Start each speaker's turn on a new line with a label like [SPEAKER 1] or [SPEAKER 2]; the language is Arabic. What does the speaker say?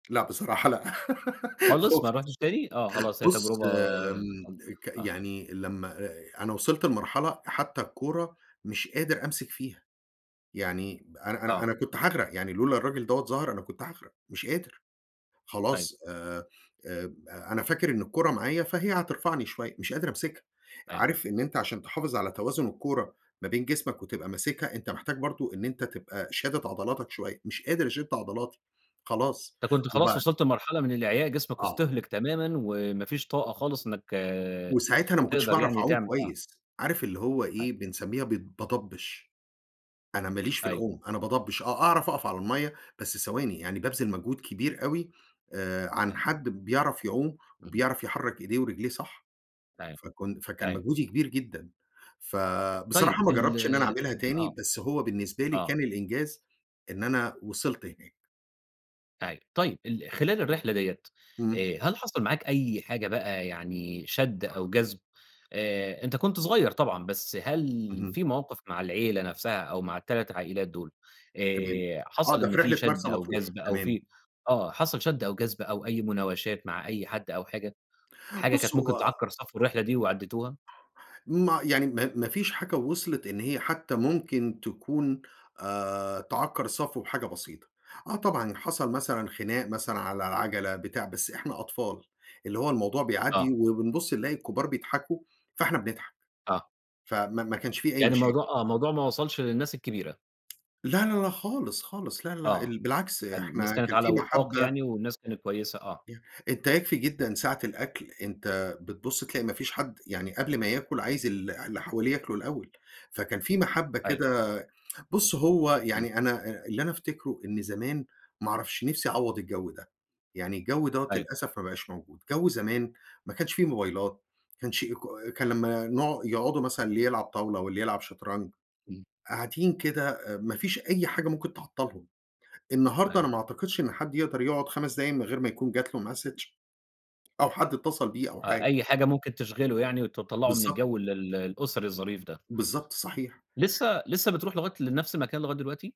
[SPEAKER 1] لأ، بصراحة لأ،
[SPEAKER 2] خالص ما
[SPEAKER 1] خُفت.
[SPEAKER 2] رُحتش تاني، آه خلاص هي
[SPEAKER 1] بُص
[SPEAKER 2] تجربة، آآ
[SPEAKER 1] آمم،
[SPEAKER 2] [unintelligible]
[SPEAKER 1] ك
[SPEAKER 2] آه.
[SPEAKER 1] يعني لمّا آآ، أنا وصلت لمرحلة حتى الكورة مش قادر أمسِك فيها، يعني ب أنا أنا
[SPEAKER 2] آه.
[SPEAKER 1] أنا كنت هاغرق يعني، لولا الراجل دَوّة ظهَر أنا كنت هاغرق، مش قادر.
[SPEAKER 2] أيوه.
[SPEAKER 1] خلاص، آآ، أب أنا فاكر إن الكورة معايا فهي هترفعني شويّة، مش قادر امسكها.
[SPEAKER 2] أيوه.
[SPEAKER 1] عارف إن أنت عشان تحافظ على توازن الكورة ما بين جسمك وتبقى ماسكها، أنت محتاج برضه إن أنت تبقى شادِد عضلاتك شويّة، مش قادر اشد عضلاتي، خلاص
[SPEAKER 2] أنت كنت خلاص
[SPEAKER 1] وبعد
[SPEAKER 2] وصلت لمرحلة من الإعياء جسمك
[SPEAKER 1] آه.
[SPEAKER 2] اُستهلِك تمامًا وما فيش طاقة خالص إنَّك
[SPEAKER 1] وساعتها أنا ما كنتش
[SPEAKER 2] تقدر
[SPEAKER 1] باعرف
[SPEAKER 2] يعني
[SPEAKER 1] أعوم
[SPEAKER 2] تعمل آه.
[SPEAKER 1] كويس، عارف اللي هو
[SPEAKER 2] ح
[SPEAKER 1] إيه، بنسمّيها بت باضبّش. أنا ماليش في
[SPEAKER 2] أيوه.
[SPEAKER 1] العوم، أنا باضبّش آه، أعرف أقف على المَيّة، بس ثواني، يعني بابذِل مجهود كبير أوي، آآ، عن
[SPEAKER 2] أي
[SPEAKER 1] حد بيعرف يعوم
[SPEAKER 2] إمم.
[SPEAKER 1] وبيعرف يحرّك ايديه ورجليه صح.
[SPEAKER 2] أيوه،
[SPEAKER 1] فكن فكان
[SPEAKER 2] أيوه.
[SPEAKER 1] مجهودي كبير جدًا.
[SPEAKER 2] طيب
[SPEAKER 1] فبصراحة ما
[SPEAKER 2] ال
[SPEAKER 1] جربتش إن أنا اعملها
[SPEAKER 2] آآ،
[SPEAKER 1] تاني،
[SPEAKER 2] آه،
[SPEAKER 1] بس هو بالنسبة لي
[SPEAKER 2] آه.
[SPEAKER 1] كان الإنجاز، إن أنا وصلت هناك.
[SPEAKER 2] أيوه، طيب ال خلال الرحلة دِيّة،
[SPEAKER 1] إمم.
[SPEAKER 2] آآ، هل حصل معاك أي حاجة بقى يعني شَد أو جَذب؟ آآ، أنت كنت صغيّر طبعًا، بس هل
[SPEAKER 1] اهم.
[SPEAKER 2] في موقف مع العيلة نفسها أو مع ال3 عائِلات دول،
[SPEAKER 1] تمام،
[SPEAKER 2] آآ،
[SPEAKER 1] آه
[SPEAKER 2] حصل
[SPEAKER 1] ده في
[SPEAKER 2] إن في
[SPEAKER 1] رحلة
[SPEAKER 2] شَد
[SPEAKER 1] مرسى
[SPEAKER 2] أو
[SPEAKER 1] مطروح،
[SPEAKER 2] جَذب أو
[SPEAKER 1] تمام.
[SPEAKER 2] في آه، حصل شَد أو جَذب أو أي مُناوشات مع أي حد أو حاجة، حاجة
[SPEAKER 1] بُص
[SPEAKER 2] كانت
[SPEAKER 1] هو
[SPEAKER 2] ممكن تعكّر صفو الرحلة دي وعديتوها؟
[SPEAKER 1] ما يعني، ما ما فيش حاجة وصلِت إن هي حتى ممكن تكون، آآ، تعكّر الصفو بحاجة بسيطة. آه طبعًا حصل مثلًا خناق مثلًا على العَجلة، بتاع، بس إحنا أطفال، اللي هو الموضوع
[SPEAKER 2] آه.
[SPEAKER 1] بيعدّي وبنبُص نلاقي الكبار بيضحكوا، فاحنا بنضحك.
[SPEAKER 2] آه.
[SPEAKER 1] فما ما كانش في أي
[SPEAKER 2] يعني
[SPEAKER 1] مشاكل.
[SPEAKER 2] الموضوع آه، الموضوع ما وصلش للناس الكبيرة.
[SPEAKER 1] لا، لا، لا خالص، خالص لا، لا
[SPEAKER 2] آه،
[SPEAKER 1] ال بالعكس،
[SPEAKER 2] حلو، الناس
[SPEAKER 1] إحنا
[SPEAKER 2] كانت
[SPEAKER 1] كان
[SPEAKER 2] على
[SPEAKER 1] في
[SPEAKER 2] وِفاق
[SPEAKER 1] مَحبّة.
[SPEAKER 2] يعني والناس كانت كويسة، آه.
[SPEAKER 1] ي أنت يكفي جدًا ساعة الأكل، أنت بتبُص تلاقي ما فيش حد يعني قبل ما ياكل عايز ال اللي حواليه ياكلوا الأول، فكان في محبّة
[SPEAKER 2] أيوه.
[SPEAKER 1] كده، بُص هو
[SPEAKER 2] إمم.
[SPEAKER 1] يعني أنا أ اللي أنا أفتكره، إن زمان ما اعرفش نفسي أعوّض الجو ده، يعني الجو دَوّة-
[SPEAKER 2] أيوه.
[SPEAKER 1] للأسف- ما بقاش موجود! جو زمان، ما كانش في موبايلات ما كانش إيكو أ كان لمّا نقع يقعدوا مثلًا، اللي يلعب طاولة واللي يلعب شَطرنج،
[SPEAKER 2] إمم.
[SPEAKER 1] قاعدين كده أ ما فيش أي حاجة ممكن تعطّلهم. النهارده
[SPEAKER 2] أيوه.
[SPEAKER 1] أنا ما اعتقدش إن حد يقدَر يقعُد 5 دقايق من غير ما يكون جات له Message أو حد اتصل بيه أو
[SPEAKER 2] أ
[SPEAKER 1] حاجة.
[SPEAKER 2] أي حاجة ممكن تشغلُه يعني وتطلّعه من
[SPEAKER 1] بالضبط.
[SPEAKER 2] الجو ال ال الأُسَري الظريف ده.
[SPEAKER 1] بالضبط، صحيح.
[SPEAKER 2] لسه لسه بترُوح لغاية لنفس المكان لغاية دلوقتي؟